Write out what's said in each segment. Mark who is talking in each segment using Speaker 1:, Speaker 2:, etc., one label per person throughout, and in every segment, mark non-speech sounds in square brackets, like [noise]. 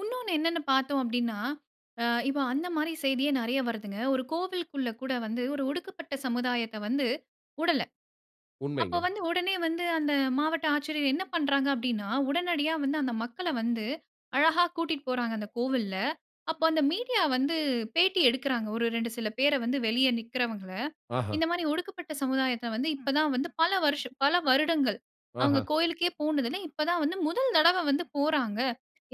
Speaker 1: உன்னோன்னு என்னன்னு பார்த்தோம் அப்டின்னா, அ இப்போ அந்த மாரி செய்தியே நெறைய வருதுங்க. ஒரு கோவிலுக்குள்ள கூட வந்து ஒரு ஒடுக்கப்பட்ட சமுதாயத்த வந்து வுடல. அப்ப
Speaker 2: உண்மைங்க.
Speaker 1: வந்து உடனே வந்து அந்த மாவட்ட ஆட்சியர் என்ன பண்றாங்க அப்படின்னா, உடனடியா வந்து அந்த மக்களை வந்து அழகா கூட்டிட்டு போறாங்க அந்த கோவில்ல. அப்போ, அந்த மீடியா வந்து பேட்டி எடுக்கிறாங்க, ஒரு 2 சில பேரை வந்து, வெளிய நிக்கிறவங்கள.
Speaker 2: ஆஹ.
Speaker 1: இந்த மாரி ஒடுக்கப்பட்ட சமுதாயத்தை வந்து, இப்ப தான் வந்து பல வருஷ பல வருடங்கள், அவங்க
Speaker 2: ஆஹ.
Speaker 1: கோயிலுக்கே போனது இல்ல, இப்ப தான் வந்து முதல் தடவ வந்து போறாங்க.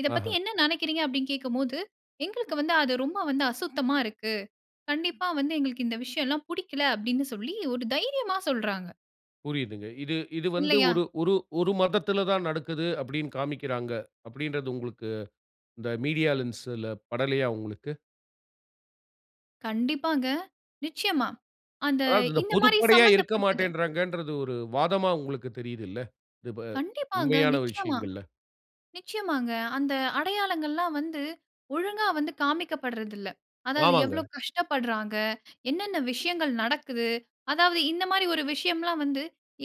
Speaker 1: "இத பத்தி
Speaker 2: ஆஹ.
Speaker 1: என்ன நினைக்கிறீங்க?" அப்டின்னு கேட்கும்போது, "எங்களுக்கு வந்து அது ரொம்ப வந்து அசுத்தமா இருக்கு. கண்டிப்பா வந்து எங்களுக்கு இந்த விஷயம்லாம் புடிக்கல" அப்டின்னு சொல்லி ஒரு தைரியமா சொல்றாங்க.
Speaker 2: புரியுதுங்க. இது இது வந்து
Speaker 1: இல்லையா?
Speaker 2: ஒரு ஒரு ஒரு மதத்துல தான் நடக்கிது அப்டின்னு காமிக்கிறாங்க, அப்டின்றது உங்களுக்கு இந்த மீடியா லென்ஸ்ல படலையா உங்களுக்கு.
Speaker 1: கண்டிப்பாங்க, நிச்சயமா. அந்த
Speaker 2: அதாவது இந்த
Speaker 1: இந்த மாரி
Speaker 2: பொதுப்படையா இருக்க
Speaker 1: சம்மந்தப்பட்டது.
Speaker 2: மாட்டேன்றாங்கன்றது ஒரு வாதமா உங்களுக்கு தெரியுதுல்ல, இது ப
Speaker 1: கண்டிப்பாங்க,
Speaker 2: உண்மையான
Speaker 1: நிச்சயமா.
Speaker 2: விஷயங்கள்ல?
Speaker 1: நிச்சயமாங்க அந்த அடையாளங்கள்லாம் வந்து ஒழுங்கா வந்து காமிக்கப்படுறதில்ல. அதாவது
Speaker 2: ஆமாங்க.
Speaker 1: எவ்வளவு கஷ்டப்படுறாங்க, என்னன்ன விஷயங்கள் நடக்குது, அதாவது இந்த மாரி ஒரு விஷயம்லாம் வந்து,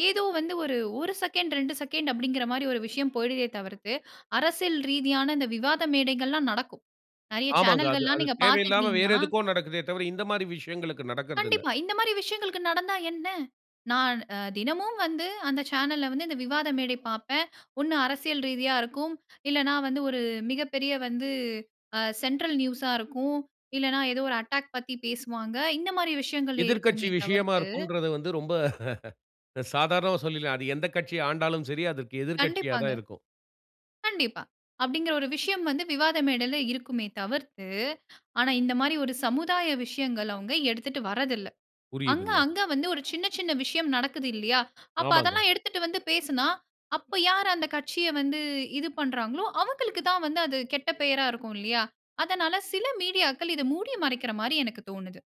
Speaker 1: ஏதோ வந்து ஒரு, 1 செகண்ட் 2 செகண்ட் அப்டிங்கிற மாரி ஒரு விஷயம் போய்டுதே தவிர்த்து, அரசியல் ரீதியான இந்த விவாத மேடைகள்லாம் நடக்கும். நெறைய
Speaker 2: ஆமாங்க. அது
Speaker 1: சேனல்கள்லாம்
Speaker 2: அது
Speaker 1: நீங்க
Speaker 2: தேவையில்லாம வேற
Speaker 1: பார்த்துக்கிட்டூங்கனா
Speaker 2: எதுக்கோ நடக்குதே தவிர, இந்த மாரி விஷயங்களுக்கு நடக்கறதில்ல.
Speaker 1: கண்டிப்பா, இந்த மாரி விஷயங்களுக்கு நடந்தா என்ன? நான் அ தினமும் வந்து அந்த சேனல்ல வந்து இந்த விவாத மேடை பார்ப்பேன். ஒண்ணு அரசியல் ரீதியா இருக்கும், இல்லைன்னா வந்து ஒரு மிகப்பெரிய வந்து அ சென்ட்ரல் நியூஸ்ஸா இருக்கும். இல்லைன்னா ஏதோ ஒரு அட்டாக் பத்தி பேசுவாங்க. இந்த மாரி விஷயங்களே
Speaker 2: எதிர்க்கட்சி
Speaker 1: இருக்குமே
Speaker 2: விஷயமா
Speaker 1: தவிர்த்து
Speaker 2: இருக்கும்றத வந்து ரொம்ப [chuckles] சாதாரணமா சொல்லிடலாம். அது எந்த கட்சி ஆண்டாலும் சரி, அதற்கு எதிர்க்கட்சியா
Speaker 1: கண்டிப்பாங்க,
Speaker 2: தான் இருக்கும்.
Speaker 1: கண்டிப்பா. அப்டிங்கற ஒரு விஷயம் வந்து விவாத மேடையில இருக்குமே தவிர்த்து, ஆனா இந்த மாரி ஒரு சமுதாய விஷயங்களை அவங்க எடுத்துட்டு வரதில்ல. அங்க
Speaker 2: புரியுதுங்க.
Speaker 1: அங்க வந்து ஒரு சின்ன சின்ன விஷயம் நடக்குது இல்லியா, அப்ப
Speaker 2: ஆமாங்க.
Speaker 1: அதெல்லாம் எடுத்துட்டு வந்து பேசுனா, அப்போ யார் அந்த கட்சியை வந்து இது பண்றாங்களோ, அவங்களுக்கு தான் வந்து அது கெட்ட பெயரா இருக்கும் இல்லியா. அதனால, சில மீடியாக்கள் இதை மூடி மறைக்கிற மாரி எனக்கு தோணுது.